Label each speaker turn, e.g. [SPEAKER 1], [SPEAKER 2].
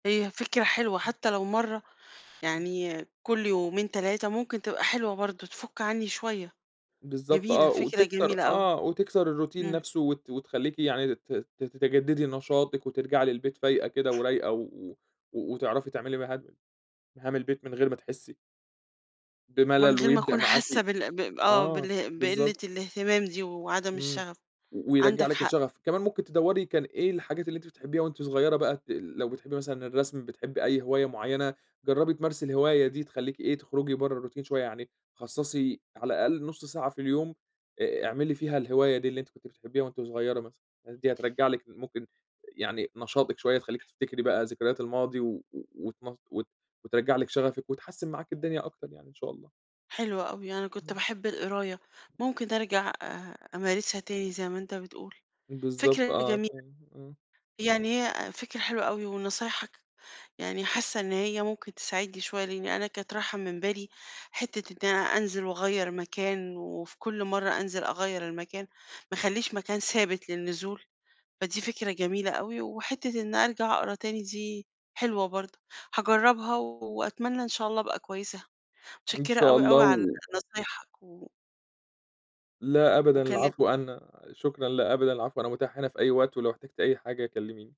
[SPEAKER 1] هي فكرة حلوة، حتى لو مرّة
[SPEAKER 2] إمم.
[SPEAKER 1] يعني كل يومين، 3، ممكن تبقى حلوة برضه، تفُك عنّي شوية،
[SPEAKER 2] بالضبط
[SPEAKER 1] جميلة،
[SPEAKER 2] آه،
[SPEAKER 1] فكرة
[SPEAKER 2] وتكسر
[SPEAKER 1] جميلة أوي.
[SPEAKER 2] آه، وتكسر الروتين
[SPEAKER 1] إمم.
[SPEAKER 2] نفسه وت وتخليكِ يعني ت ت تتجددي نشاطِك وترجعي للبيت فايقة كده ورايقة، و و وتعرفي تعملي مهام مهام البيت من غير ما تحسي
[SPEAKER 1] من
[SPEAKER 2] بملل،
[SPEAKER 1] غير ما
[SPEAKER 2] ويبدأ
[SPEAKER 1] اكون
[SPEAKER 2] معاكِ
[SPEAKER 1] حاسة بالأ ب ب آه،
[SPEAKER 2] آه
[SPEAKER 1] باله بقلة
[SPEAKER 2] بالضبط.
[SPEAKER 1] الاهتمام دي وعدم
[SPEAKER 2] إمم
[SPEAKER 1] الشغف،
[SPEAKER 2] و ويرجع
[SPEAKER 1] عندك
[SPEAKER 2] لِك
[SPEAKER 1] حق.
[SPEAKER 2] الشغف. كمان ممكن تدوري كان إيه الحاجات اللي أنتِ بتحبيها وأنتِ صغيّرة بقى ت ال لو بتحبي مثلًا الرسم بتحبي أي هواية معيّنة جرّبي تمارسي الهواية دي، تخليكِ إيه، تخرجي برّا الروتين شوية، يعني خصصي على الأقل نُص ساعة في اليوم آآ، اعملي فيها الهواية دي اللي أنتِ كنتِ بتحبيها وأنتِ صغيّرة مثلًا، الحاجات دي هترجع لِك ال ممكن يعني نشاطِك شوية، تخليكِ تفتكري بقى ذكريات الماضي و و وت مص وت وترجع لِك شغفِك وتحسن معاكِ الدنيا أكتر يعني، إن شاء الله.
[SPEAKER 1] حلوة أوي، أنا كنت
[SPEAKER 2] إمم.
[SPEAKER 1] باحب القراية، ممكن أرجع أ أمارسها تاني زي ما أنت بتقول،
[SPEAKER 2] بالضبط
[SPEAKER 1] فكرة
[SPEAKER 2] آه،
[SPEAKER 1] جميلة،
[SPEAKER 2] فاهم، آه.
[SPEAKER 1] يعني هي أ فكرة حلوة أوي ونصايحك يعني حاسة إن هي ممكن تساعدني شوية، لإني أنا كانت رايحة من بالي حتة إني أنزل واغير مكان، وفي كل مرّة أنزل أغيّر المكان، ما اخليش مكان ثابت للنزول، فدي فكرة جميلة أوي، وحتة إني أرجع اقرا تاني دي حلوة برضه، هاجرّبها وأتمنى إن شاء الله أبقى كويسة،
[SPEAKER 2] إن
[SPEAKER 1] متشكرة
[SPEAKER 2] شاء
[SPEAKER 1] أوي،
[SPEAKER 2] الله
[SPEAKER 1] أوي، على
[SPEAKER 2] و
[SPEAKER 1] نصايحك و
[SPEAKER 2] لا أبدًا
[SPEAKER 1] وكلم
[SPEAKER 2] العفو، أنا شكرًا، لا أبدا العفو، أنا متاح هنا في أي وقت، ولو احتجتِ أي حاجة كلميني.